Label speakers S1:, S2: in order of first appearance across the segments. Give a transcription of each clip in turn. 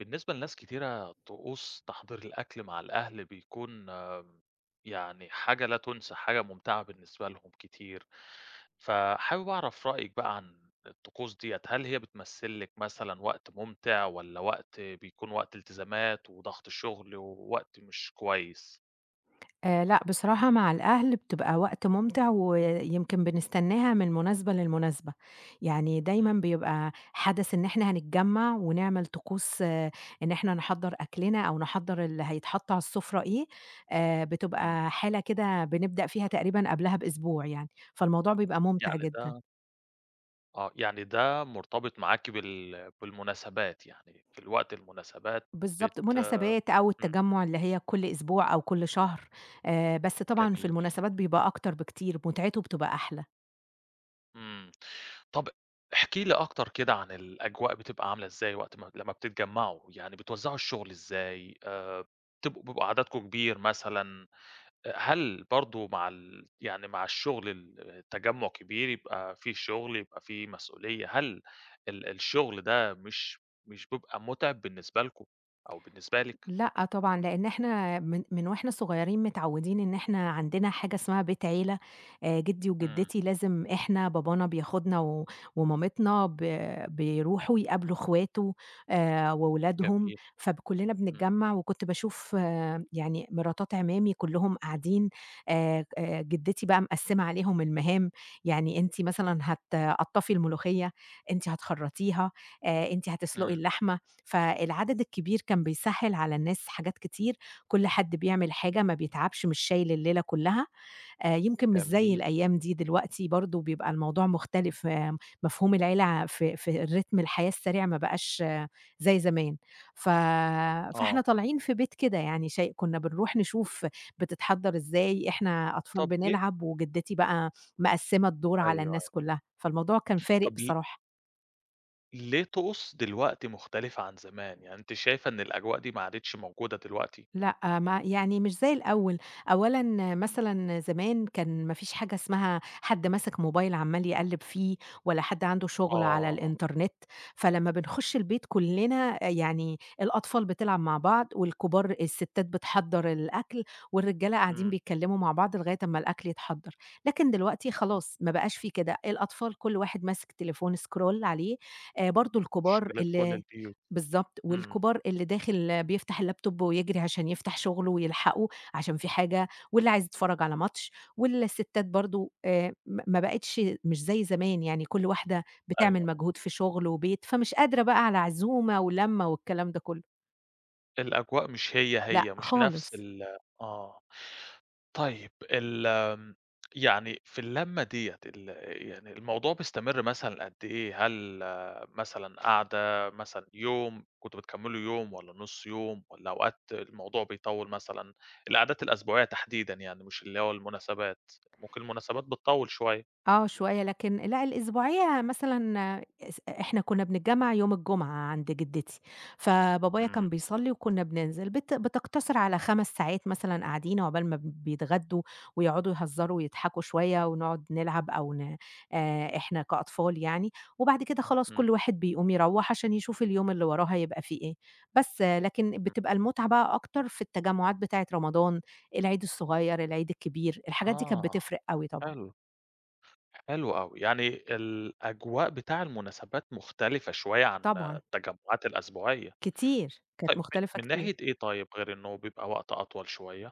S1: بالنسبة لناس كتيرة، طقوس تحضير الأكل مع الأهل بيكون يعني حاجة لا تُنسى حاجة مُمتعة بالنسبة لهم كتير، فحابب أعرف رأيِك بقى عن الطقوس دِيّة هل هي بتمثل لِك مثلًا وقت مُمتع والّا وقت بيكون وقت إلتزامات وضغط الشُغل ووقت مش كويس؟
S2: آآ لأ بصراحة مع الأهل بتبقى وقت مُمتع ويمكن بنستناها من المناسبة للمناسبة. يعني دايمًا
S1: إمم.
S2: بيبقى حدَث إن إحنا هنتجمّع ونعمل طقوس إن إحنا نحضّر أكلنا أو نحضّر اللي هيتحط على السفرة إيه، آآ
S1: إمم.
S2: بتبقى حالة كده بنبدأ فيها تقريبًا قبلها بأسبوع يعني، فالموضوع بيبقى مُمتع
S1: يعني
S2: جدًا.
S1: ده آه، يعني ده مرتبط معاكِ بال بالمناسبات يعني في الوقت المناسبات
S2: بالضبط.
S1: بت
S2: مناسبات أو
S1: إمم.
S2: التجمّع اللي هي كل أسبوع أو كل شهر، آآ بس طبعًا في
S1: جميل.
S2: المناسبات بيبقى أكتر بكتير، مُتعته بتبقى أحلى.
S1: إمم. طَب احكي لي أكتر كده عن الأجواء بتبقى عاملة إزاي وقت ما لمّا بتتجمعوا، يعني بتوزّعوا الشُغل إزاي؟ آآ بتبقوا بيبقى عددكم كبير مثلًا؟ آآ هل برضه مع ال يعني مع الشُغل التجمّع كبير، يبقى في شُغل، يبقى في مسؤولية؛ هل ال الشُغل ده مش مش بيبقى مُتعب بالنسبة لكم أو بالنسبة لِك؟
S2: لأ طبعًا، لإن إحنا من من وإحنا صغيّرين متعوّدين إن إحنا عندنا حاجة اسمها بيت عيلة آآ جدّي
S1: إمم.
S2: وجدّتي لازم إحنا بابانا بياخدنا و ومامتنا ب بيروحوا يقابلوا إخواته آآ وولادهم
S1: جميل.
S2: فب كلّنا
S1: إمم.
S2: بنتجمّع وكنت باشوف يعني مراتات اعمامي كلّهم قاعدين آآ ك آآ جدّتي بقى مقسّمة عليهم المهام يعني أنتِ مثلًا هتقطّفي الملوخية، أنتِ هتخرّطيها، آآ أنتِ هتسلقي
S1: إمم.
S2: اللحمة، فالعدد الكبير كان بيسهّل على الناس حاجات كتير، كل حد بيعمل حاجة ما بيتعبش مش شايل الليلة كلّها، آآ يمكن مش زي
S1: جميل.
S2: الأيام دي دلوقتي برضه بيبقى الموضوع مختلف آمم مفهوم العيلة ع في في الرتم الحياة السريع ما بقاش زي زمان ف
S1: آه.
S2: فإحنا طالعين في بيت كده يعني شاي كنّا بنروح نشوف بتتحضّر إزاي إحنا أطفال
S1: طَب ليه؟
S2: بنلعب وجدّتي بقى مقسّمة الدور
S1: أيوه،
S2: على
S1: أيوه.
S2: الناس كلّها، فالموضوع كان فارق
S1: طَب ل
S2: بصراحة.
S1: ليه طقوس دلوقتي مُختلفة عن زمان؟ يعني أنتِ شايفة إن الأجواء دي ما عادِتش موجودة دلوقتي؟
S2: لأ ما يعني مش زي الأول. أولًا مثلًا زمان كان ما فيش حاجة اسمها حد ماسك موبايل عمّال يقلّب فيه، ولا حد عنده شُغل على
S1: آه.
S2: الإنترنت. فلمّا بنخش البيت كُلنا يعني الأطفال بتلعب مع بعض والكبار الستات بتحضّر الأكل، والرجالة قاعدين
S1: إمم.
S2: بيتكلموا مع بعض لغاية أمّا الأكل يتحضر. لكن دلوقتي خلاص ما بقاش في كده. الأطفال كل واحد ماسك تليفون scroll عليه، آآ برضو الكُبار
S1: مُشكلة كُل
S2: ال
S1: البيوت.
S2: بالضبط،
S1: إمم.
S2: والكبار اللي داخل بيفتح الlaptop ويجري عشان يفتح شُغله ويلحقه عشان فيه حاجة، واللي عايز يتفرج على ماتش. والستات برضو آآ م ما بقِتش مش زي زمان يعني كُل واحدة
S1: أيوه،
S2: بتعمل
S1: آه.
S2: مجهود في شُغل وبيت فمش قادرة بقى على عزومة ولمّة والكلام ده كلّه.
S1: الأجواء مش هي
S2: لأ
S1: هي، مش نَفس
S2: خالص.
S1: ال آه. طيب، ال آمم يعني في اللمّة دِيّة ال يعني الموضوع بيستمر مثلًا قد إيه؟ هل مثلًا قاعدة، مثلًا يوم، كنتم بتكملوا يوم والّا نُص يوم والّا أوقات الموضوع بيطوِّل مثلًا؟ القعدات الأسبوعية تحديدًا يعني، مش اللي هو المُناسبات، ممكن المُناسبات بتطوِّل شوية.
S2: آه شوية، لكن لأ الأسبوعية مثلًا إس إ إحنا كنا بنتجمّع يوم الجمعة عند جدتي. فبابايا
S1: إمم.
S2: كان بيصلي وكنا بننزِل، بت بتقتصر على 5 ساعات مثلًا قاعدين عُقبال ما بيتغدوا ويقعدوا يهزروا ويضحكوا شوية ونقُعد نلعب أو ن آآ إحنا كأطفال يعني، وبعد كده خلاص
S1: إمم.
S2: كُل واحد بيقوم يروّح عشان يشوف اليوم اللي وراه هيبقى في إيه. بس لكن
S1: م
S2: بتبقى المُتعة بقى أكتر في التجمُعات بتاعِة رمضان، العيد الصغير، العيد الكبير. الحاجات دي كانت
S1: آه،
S2: بتفرِق أوي طبعًا.
S1: حلو، حلو أوي. يعني الأجواء بتاع المُناسبات مُختلفة شوية عن
S2: طبعًا.
S1: التجمُعات الأسبوعية.
S2: كتير، كانت
S1: طيب م
S2: مُختلفة
S1: من
S2: كتير.
S1: ناحية إيه طيب غير إنه بيبقى وقت أطول شوية؟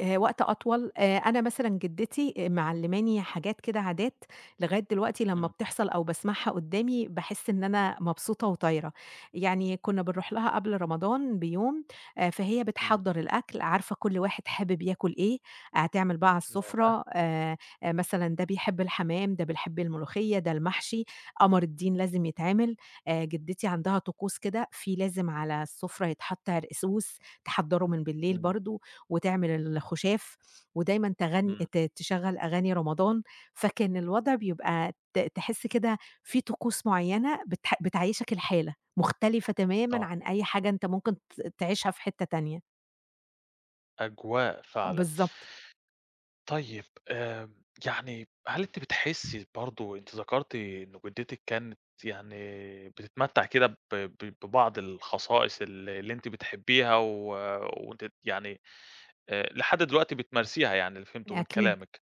S2: آآ وقت أطول، آآ أنا مثلًا جِدّتي آآ معلِّماني حاجات كده عادات لغاية دلوقتي لمّا
S1: إمم.
S2: بتحصل أو باسمعها قُدّامي، باحِس إن أنا مبسوطة وطايرة. يعني كُنّا بنروح لها قبل رمضان بيوم، آآ فهي
S1: إمم.
S2: بتحضّر الأكل، عارفة كل واحد حابب ياكُل إيه، هتعمل بقى على
S1: ياه!
S2: السُفرة، آآ آآ مثلًا ده بيحب الحمام، ده بيحب الملوخيّة، ده المحشي، قمر الدين لازم يتعمل. آآ جِدّتي عندها طقوس كده في لازم على السُفرة يتحَط عرقسوس تحضّره من بالليل
S1: إمم.
S2: برضه، وتعمل الخُشاف ودايمًا تغن
S1: إمم.
S2: ت تشغّل أغاني رمضان، فكان الوضع بيبقى ت تحِس كده في طقوس معيّنة بتح بتعيّشك الحالة، مختلفة تمامًا
S1: آه.
S2: عن أي حاجة أنت ممكن ت تعيشها في حتّه تانية.
S1: أجواء
S2: أ
S1: فعلًا.
S2: بالضبط.
S1: طيب، آآ يعني هل أنتِ بتحسّي برضه أنتِ ذكرتِ إنه جِدّتِك كانت يعني بتتمتّع كده ب ب ببعض الخصائص ال اللي أنتِ بتحبّيها و وأنتِ ت يعني آآ لحد دلوقتي بتمارسيها يعني اللي فهمته من
S2: أكيد.
S1: كلامِك.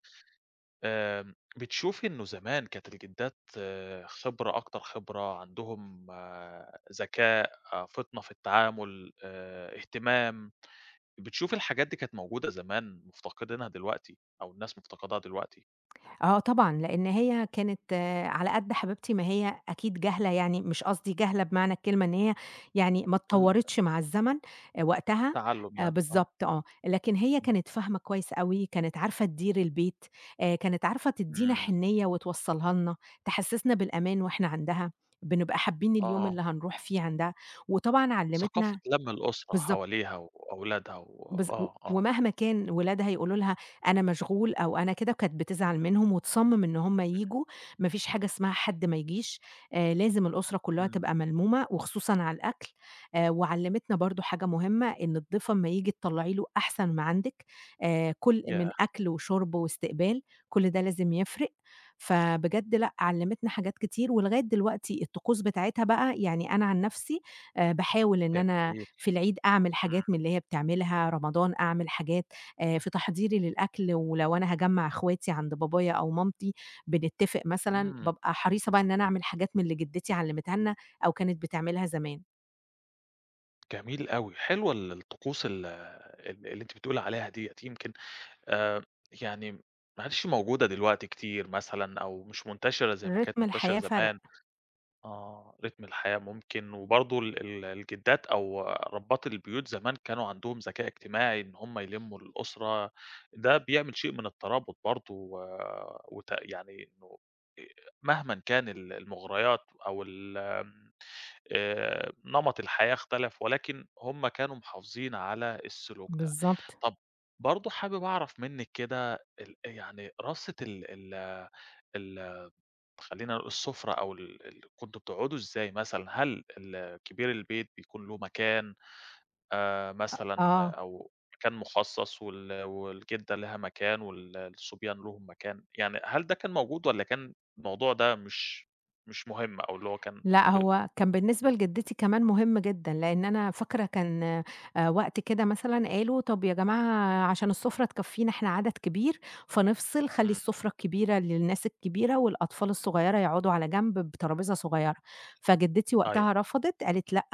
S1: آمم بتشوفي إنه زمان كانت الجِدّات خبرة أكتر خبرة، عندهم ذكاء، فِطنة في التعامُل، آآ اهتمام، بتشوفي الحاجات دي كانت موجودة زمان مُفتقدينها دلوقتي أو الناس مُفتقداها دلوقتي؟
S2: آه طبعًا، لإن هي كانت على قد حبيبتي ما هي أكيد جاهلة، يعني مش قصدي جاهلة بمعنى الكلمة إن هي يعني ما
S1: الأ
S2: اتطوَّرتش مع الزمن آآ وقتها،
S1: تَعلَُّم
S2: آآ
S1: يعني آه.
S2: بالضبط آه. لكن هي
S1: إمم.
S2: كانت فاهمة كويس أوي، كانت عارفة تدير البيت، آآ كانِت عارفة تدّينا
S1: إمم.
S2: حِنّية وتوصّلها لنا، تحسِّسنا بالأمان وإحنا عندها، بنبقى حابّين اليوم
S1: آه.
S2: اللي هنروح فيه عندها. وطبعًا
S1: ثقافة
S2: علِّمتنا
S1: لَم الأسرة
S2: بالضبط.
S1: حواليها وأولادها و
S2: بالض و
S1: آه، آه.
S2: ومهما كان ولادها يقولوا لها أنا مشغول أو أنا كده، كانت بتزعل منهم وتصمّم إن هم
S1: [unintelligible]
S2: ييجوا، ما فيش حاجة اسمها حد ما يجيش، آآ لازم الأسرة كُلّها
S1: إمم.
S2: تبقى ملمومة وخصوصًا على الأكل. آآ وعلِّمتنا برضه حاجة مهمة، إن الضيف أمّا ييجي تطلَّعي له أحسَن ما عندِك، آآ كل من
S1: ياه!
S2: أكل وشُرْب وإستقبال، كل ده لازم يفرِق. فبجد لأ، علِّمتنا حاجات كتير ولغاية دلوقتي الطقوس بتاعتها بقى، يعني أنا عن نَفْسي آآ باحاول إن أنا
S1: جميل.
S2: في العيد أعمل حاجات
S1: إمم.
S2: من اللي هي بتعملها، رمضان أعمل حاجات آآ في تحضيري للأكل، ولو أنا هاجمَّع إخواتي عند بابايا أو مامتي بنتتفق مثلًا،
S1: إمم.
S2: بابقى حريصة بقى إن أنا أعمل حاجات من اللي جِدّتي علِّمتها لنا أو كانت بتعملها زمان.
S1: جميل أوي حلوة ال الطقوس ال ال اللي أنتِ بتقولي عليها ديّة يمكن آمم يعني م ما عَدِتش موجودة دلوقتي كتير مثلًا أو مش منتشرة زي ما كانت
S2: ريتم
S1: منتشرة
S2: الحياة فَرَق.
S1: زمان. آه، ريتم الحياة ممكن وبرضه ال ال الجدّات أو ربّات البيوت زمان كانوا عندهم ذكاء اجتماعي إن هُم يلمّوا الأسرة ده بيعمل شيء من الترابط برضه و وتأ يعني إنه أ مهمًا إن كان ال المُغريات أو ال آآ نمط الحياة اختلف ولكن هُم كانوا محافظين على السلوك ده.
S2: بالضبط.
S1: طَب برضه حابب أعرف منِّك كده ال أ يعني رصة ال ال ال خلّينا نقول السفرة أو ال ال كنتم بتقعدوا إزاي مثلًا؟ هل ال كبير البيت بيكون له مكان آآ
S2: أ
S1: مثلًا
S2: آه.
S1: أو مكان مخصص وال والجدّة ليها مكان وال الصُبيان ليهم مكان؟ يعني هل ده كان موجود والّا كان الموضوع ده مش مش مهم؟ أو اللي هو كان
S2: لأ،
S1: ب
S2: هو كان بالنسبة لجدّتي كمان مهم جدًا لإن أنا فاكرة كان آآ وقت كده مثلًا قالوا طَب يا جماعة عشان السفرة تكفّينا إحنا عدد كبير فنفصل خلّي
S1: إمم.
S2: السفرة الكبيرة للناس الكبيرة والأطفال الصغيّرة يقعُدوا على جنب بترابيزة صغيّرة، فجدّتي
S1: أيوه.
S2: وقتها رفضت قالت: "لأ،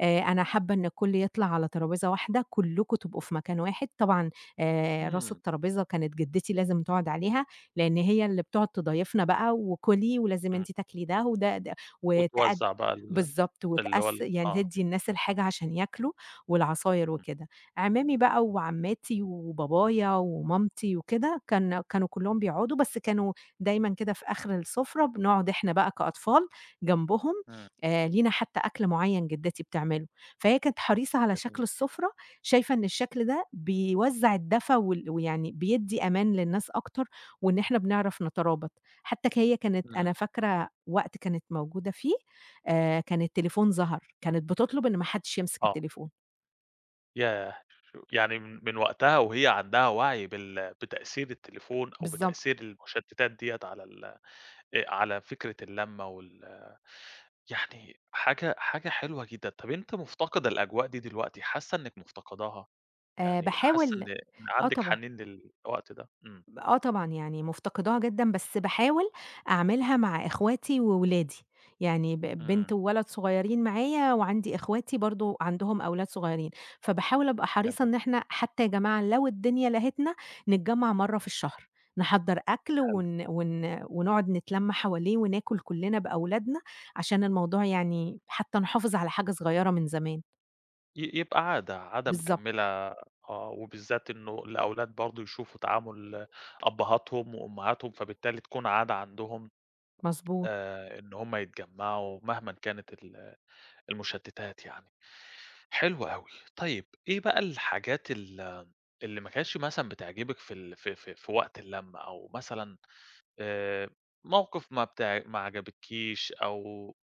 S2: آآ أنا حابة إن الكُلّ يطلع على ترابيزة واحدة، كُلّكم تبقوا في مكان واحد." طبعًا آآ راس
S1: إمم.
S2: الترابيزة كانت جدّتي لازم تقعد عليها لإن هي اللي بتقعد تضايفنا بقى وكُلي ولازم
S1: إمم.
S2: أنتِ تاكلي ده وده، ده وتقّد
S1: وتوزّع بقى ال
S2: بالضبط
S1: اللي هو
S2: وتقّس
S1: ال
S2: يعني
S1: آه.
S2: تدّي الناس الحاجة عشان ياكلوا والعصاير
S1: إمم.
S2: وكده، عمامي بقى وعمّاتي وبابايا ومامتي وكده كان كانوا كُلّهم بيقعدوا بس كانوا دايمًا كده في آخر السفرة بنقعُد إحنا بقى كأطفال جنبهم
S1: إمم.
S2: آآ، لينا حتى أكل معيّن جدّتي بتعمله، فهي كانت حريصة على شكل
S1: جميل.
S2: السفرة شايفة إن الشكل ده بيوزّع الدفا وال ويعني بيدّي أمان للناس أكتر وإن إحنا بنعرف نترابط حتى ك هي كانت
S1: إمم.
S2: أنا فاكرة وقت كانت موجودة فيه آآ كان التليفون ظَهَر كانت بتطلب إن ما حدش يمسك
S1: آه.
S2: التليفون.
S1: ياه! شو يعني م من وقتها وهي عندها وَعْي بال بتأثير التليفون أو
S2: بالضبط.
S1: بتأثير المُشتّتات ديّة على ال آآ على فِكرة اللمّة وال يعني حاجة حاجة حلوة جدًا، طَب أنتِ مُفتقدة الأجواء دي دلوقتي، حاسّة إنِّك مُفتقداها؟
S2: آآ
S1: يعني حاسّة
S2: باحاول
S1: إن إن
S2: آه
S1: عندِك
S2: طبعًا.
S1: حَنين للوقت ده؟ إمم.
S2: آه طبعًا، يعني مُفتقداها جدًا، بس باحاول أعملها مع إخواتي وولادي، يعني ب بنت
S1: إمم.
S2: وولد صغيّرين معايا وعندي إخواتي برضه عندهم أولاد صغيّرين، فباحاول أبقى حريصة
S1: جميل.
S2: إن إحنا حتّى يا جماعة لو الدنيا لهتنا نتجمّع مرّة في الشهر، نحضّر أكل
S1: حلو.
S2: ون ون ونقعُد نتلَم حواليه وناكُل كُلّنا بأولادنا عشان الموضوع يعني حتّى نحافظ على حاجة صغيرة من زمان.
S1: ي يبقى عادة، عادة
S2: بالضبط.
S1: مِكَمِّلة آه، وبالذات إنه الأولاد برضه يشوفوا تعامُل أبّهاتهم وأمّهاتهم، فبالتالي تكون عادة عندهم
S2: مضبوط.
S1: آآ إن هم يتجمّعوا مهمًا كانت ال المُشتّتات يعني. حلو أوي، طيب إيه بقى الحاجات ال اللي ما كانتش مثلًا بتعجبِك في ال في في في وقت اللمّة أو مثلًا آآ موقِف ما بتع ما عجبتكيش أو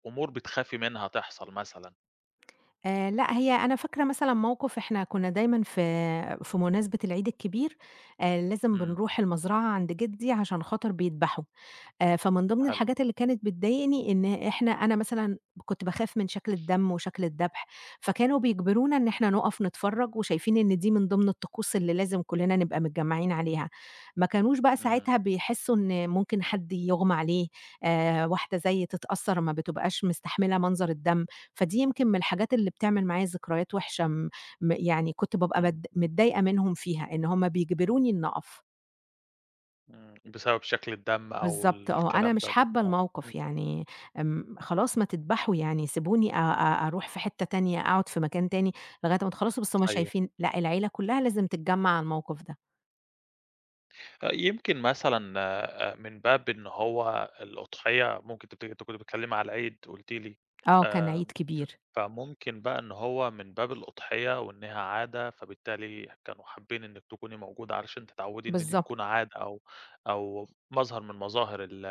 S1: أمور بتخافي منها تحصل مثلًا؟
S2: آآ، لأ، هي أنا فاكرة مثلًا موقِف إحنا كنّا دايمًا في في مناسبة العيد الكبير آآ، لازم
S1: إمم.
S2: بنرُوح المزرَعة عَند جدّي عشان خاطر بيدبَحوا آآ، فمن ضِمن
S1: حلو.
S2: الحاجات اللي كانت بتضايقني إن إحنا، أنا مثلًا كنت باخاف من شكْل الدم وشكْل الدبح، فكانوا بيجبرونا إن إحنا نُقف نتفرّج وشايفين إن دي من ضِمن الطقوس اللي لازم كلّنا نبقى متجمّعين عليها، ما كانوش بقى
S1: إمم.
S2: ساعتها بيحسّوا إن ممكن حد يغمى عليه آآ، واحدة زيّي تتأثّر ما بتبقاش مستحملة مَنظر الدم، فدي يمكن من الحاجات اللي بتعمل معايا ذكريات وِحشة، م م يعني كنت بابقى
S1: إمم،
S2: بد
S1: اهم.
S2: متضايقة منهُم فيها، إن هُم بيجبروني إني أقف.
S1: إمم، بسبب شكْل الدم أو
S2: بالضبط،
S1: ال
S2: آه، أنا
S1: الكلام ده.
S2: مش حابّة
S1: آه، إمم.
S2: الموقِف، يعني آمم خلاص ما تدبَحوا يعني سيبوني أ أ أرُوح في حِتّه تانية، أقعُد في مكان تاني لغاية أمّا تخلّصوا، بس هُم
S1: أيوه.
S2: شايفين لأ، العيلة كلّها لازم تتجمّع على الموقِف ده.
S1: يمكن مثلًا آآ من باب إن هو الأُضحية ممكن تبتدي أنتِ كنتِ بتتكلّمي على العيد، قُلتِ لي
S2: آه كان عيد
S1: آآ،
S2: كبير.
S1: فممكن بقى إن هو من باب الأُضحية وإنها عادة، فبالتالي كانوا حابّين إنِك تكوني موجودة علشان تتعوّدي إن دي
S2: بالضبط.
S1: تكون عادة أو أو مظهر من مظاهر ال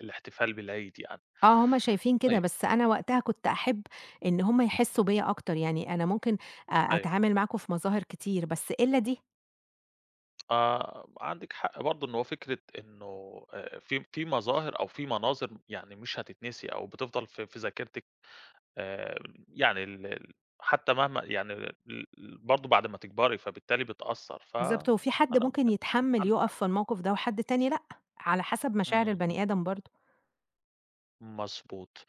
S1: الاحتفال بالعيد يعني.
S2: آه، هُم شايفين كده،
S1: طيب.
S2: بس أنا وقتها كنت أحب إن هُم يحسّوا بيَّ أكتر، يعني أنا ممكن أ
S1: أيوه.
S2: أتعامل معاكم في مظاهر كتير بس إلّا دي.
S1: آآ وعندِك حق برضه إن هو فكرة إنه آآ في م في مظاهر أو في مناظر م يعني مش هتتنسي أو بتفضل في في ذاكرتِك، آمم يعني ال ال حتى مهما يعني ال ال برضه بعد ما تكبري فبالتالي بتأثّر، ف
S2: بالضبط
S1: أنا
S2: هو في حد
S1: [unintelligible]
S2: ممكن
S1: أنتِ
S2: يتحمّل
S1: عندِك
S2: يُقف
S1: حق.
S2: في الموقف ده وحد تاني لأ، على حسب مشاعر
S1: إمم،
S2: البَني
S1: إمم.
S2: آدم برضه.
S1: مضبوط،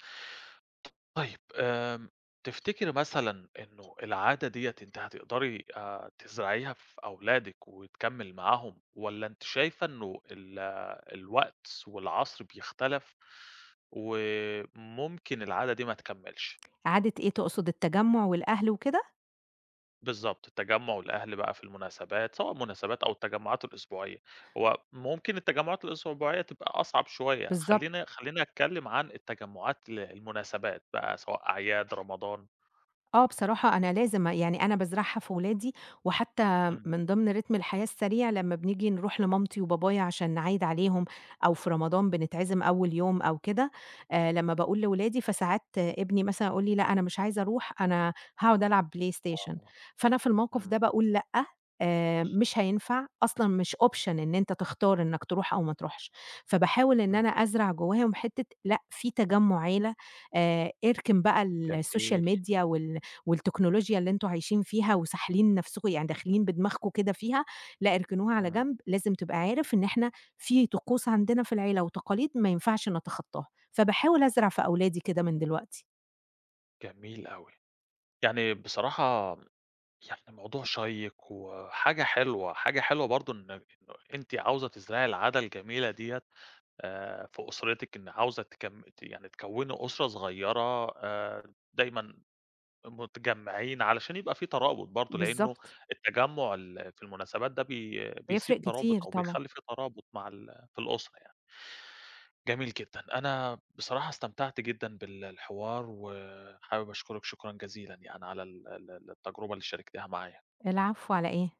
S1: طيب آمم تفتكري مثلًا إنه العادة دَيّة أنتِ هتقدري آآ تزرعيها في أولادِك وتكمّل معاهم؟ والّا أنتِ شايفة إنه ال الوقت والعصر بيختلف و ممكن العادة دي ما تكمّلش؟
S2: عادة إيه تُقصد التجمّع والأهل وكده؟
S1: بالضبط تجمُّع الأهل بقى في المناسبات سواء المناسبات أو التجمعات الأسبوعية، هو ممكن التجمُعات الأسبوعية تبقى أصعب شوية،
S2: بالضبط.
S1: خلّيني خلّيني اتكلم عن التجمعات ل المُناسبات بقى سواء أعياد، رمضان.
S2: آه، بصراحة أنا لازم أ يعني أنا بازرعها في ولادي، وحتى
S1: إمم.
S2: من ضِمن ريتم الحياة السريع لمّا بنيجي نروح لمامتي وبابايا عشان نعيّد عليهم، أو في رمضان بنتعزم أول يوم أو كده، آآ لمّا باقول لولادي فساعات ابني مثلًا يقول لي: "لأ، أنا مش عايز أروح أنا هاقعُد ألعب PlayStation"
S1: آه،
S2: فأنا في الموقف
S1: إمم.
S2: ده باقول لأ، آآ مش هينفع أصلًا مش Option إن أنت تختار إنّك تروح أو ما تروحش، فباحاول إن
S1: إمم.
S2: أنا أزرع جوّاهم حِتّة لأ، في تجمُّع عيلة، آآ اركن بقى الSocial
S1: جميل.
S2: Media وال والتكنولوجيا اللي أنتم عايشين فيها، وساحلين نَفْسكم يعني داخلين بدماغكم كده فيها لأ، اركنوها على
S1: إمم.
S2: جنب، لازم تبقى عارف إن إحنا في طقوس عندنا في العيلة، وتقاليد ما ينفعش نتخطاها فباحاول أزرع في أولادي كده من دلوقتي.
S1: جميل أوي، يعني بصراحة م يعني موضوع شيّق وحاجة حلوة، حاجة حلوة برضه إن [unintelligible] إنه أنتِ عاوزة تزرعي العادة الجميلة دِيّة، آآ في أُسرتِك إن عاوزة تكم ت يعني تكوِّني أُسرة صغيّرة آآ دايمًا مُتجمّعين علشان يبقى في ترابط برضه، لإنه
S2: بالضبط.
S1: التجمّع اللي في المناسبات ده بي
S2: وهيفرق
S1: بيسيب
S2: كتير
S1: ترابُط، أو
S2: طبعًا.
S1: بيخلّي في ترابُط مع ال في الأُسرة يعني. جميل جدًا، أنا بصراحة استمتعت جدًا بال الحوار، وحابب أشكرِك شكرًا جزيلًا، يعني على ال ال ال التجرُبة اللي شاركتيها معايا.
S2: العفو على إيه؟